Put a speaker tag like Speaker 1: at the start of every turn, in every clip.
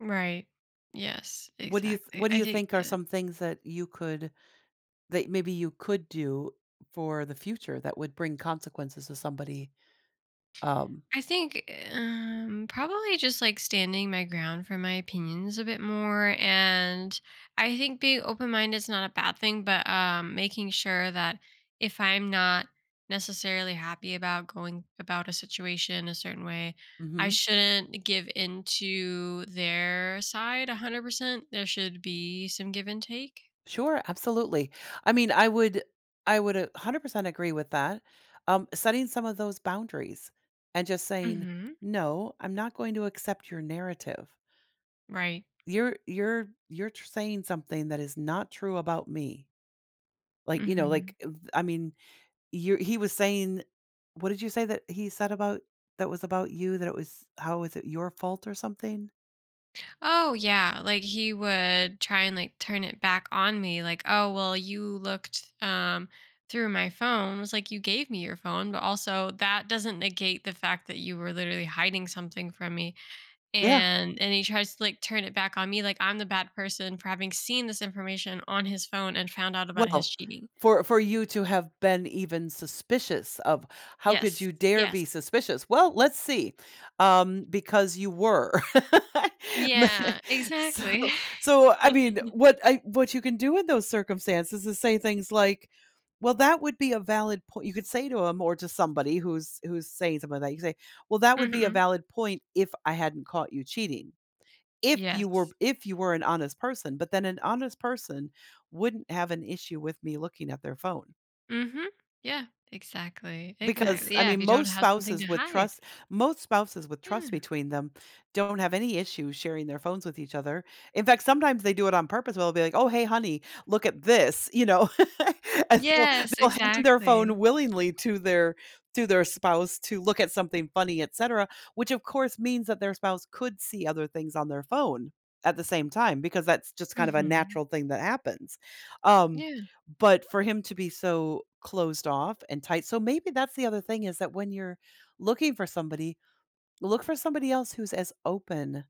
Speaker 1: Right. Yes,
Speaker 2: What do you th
Speaker 1: exactly.
Speaker 2: what do
Speaker 1: I
Speaker 2: you
Speaker 1: think,
Speaker 2: think are
Speaker 1: uh
Speaker 2: some things that you could that maybe you could do for the future that would bring consequences to somebody? Um
Speaker 1: I think, um, probably just, like, standing my ground for my opinions a bit more, and I think being open-minded is not a bad thing, but, um, making sure that if I'm not necessarily happy about going about a situation a certain way, I
Speaker 2: Mhm.
Speaker 1: shouldn't give into their side 100%. There should be some give and take.
Speaker 2: Sure, absolutely. I mean, I would I would a 100% agree with that. Um, setting some of those boundaries and just saying,
Speaker 1: Mhm.
Speaker 2: "No, I'm not going to accept your narrative."
Speaker 1: Right.
Speaker 2: You're you're you're tr saying something that is not true about me. Like, you know,
Speaker 1: Mhm.
Speaker 2: like, eh, I mean, you're he was saying What did you say that he said about that was about you, that it was how was it your fault or something?
Speaker 1: Oh, yeah, like, he would try and, like, turn it back on me, like, "Oh, well, you looked, um, through my phone." I was, like, "You gave me your phone, but also that doesn't negate the fact that you were literally hiding something from me."
Speaker 2: Yeah.
Speaker 1: And and he tries to, like, turn it back on me, like, I'm the bad person for having seen this information on his phone and found out about his
Speaker 2: Well,
Speaker 1: cheating.
Speaker 2: for for you to have been even suspicious of "How could
Speaker 1: Yes,
Speaker 2: you dare
Speaker 1: yes.
Speaker 2: be suspicious?" "Well, let's see, um, because you were." Me
Speaker 1: Yeah,
Speaker 2: so
Speaker 1: exactly.
Speaker 2: so, I mean, what I what you can do in those circumstances is say things like, "Well, that would be a valid poi" you could say to 'em or to somebody who's who's saying something like that, you could say, "Well, that would be a
Speaker 1: Mhm.
Speaker 2: valid point if I hadn't caught you cheating. If you were
Speaker 1: Yes.
Speaker 2: if you were an honest person but then an honest person wouldn't have an issue with me looking at their phone."
Speaker 1: Mhm, yeah, exactly,
Speaker 2: Because,
Speaker 1: exactly,
Speaker 2: I
Speaker 1: yeah,
Speaker 2: mean,
Speaker 1: if you don't
Speaker 2: most
Speaker 1: have something
Speaker 2: spouses
Speaker 1: to
Speaker 2: with
Speaker 1: hide.
Speaker 2: trust most spouses with trust
Speaker 1: Yeah.
Speaker 2: between them don't have any issue sharing their phones with each other. In fact, sometimes they do it on purpose, well, they'll be like, "Oh, hey, honey, look at this," you know? And so,
Speaker 1: Yes,
Speaker 2: they'll hand their phone
Speaker 1: exactly.
Speaker 2: willingly to their to their spouse to look at something funny, etcetera, which, of course, means that their spouse could see other things on their phone at the same time because that's just kind of a
Speaker 1: Mhm.
Speaker 2: natural thing that happens. Um,
Speaker 1: Yeah.
Speaker 2: but for him to be so closed off and tight so maybe that's the other thing is that when you're looking for somebody, look for somebody else who's as open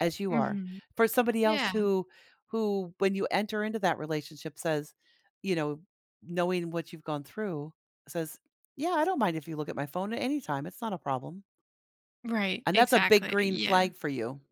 Speaker 2: as you are,
Speaker 1: Mhm.
Speaker 2: for somebody else
Speaker 1: Yeah.
Speaker 2: who who, when you enter into that relationship says you know, knowing what you've gone through, says, "Yeah, I don't mind if you look at my phone at any time, it's not a problem."
Speaker 1: Right,
Speaker 2: And that's a big
Speaker 1: exactly,
Speaker 2: green flag
Speaker 1: yeah.
Speaker 2: for you.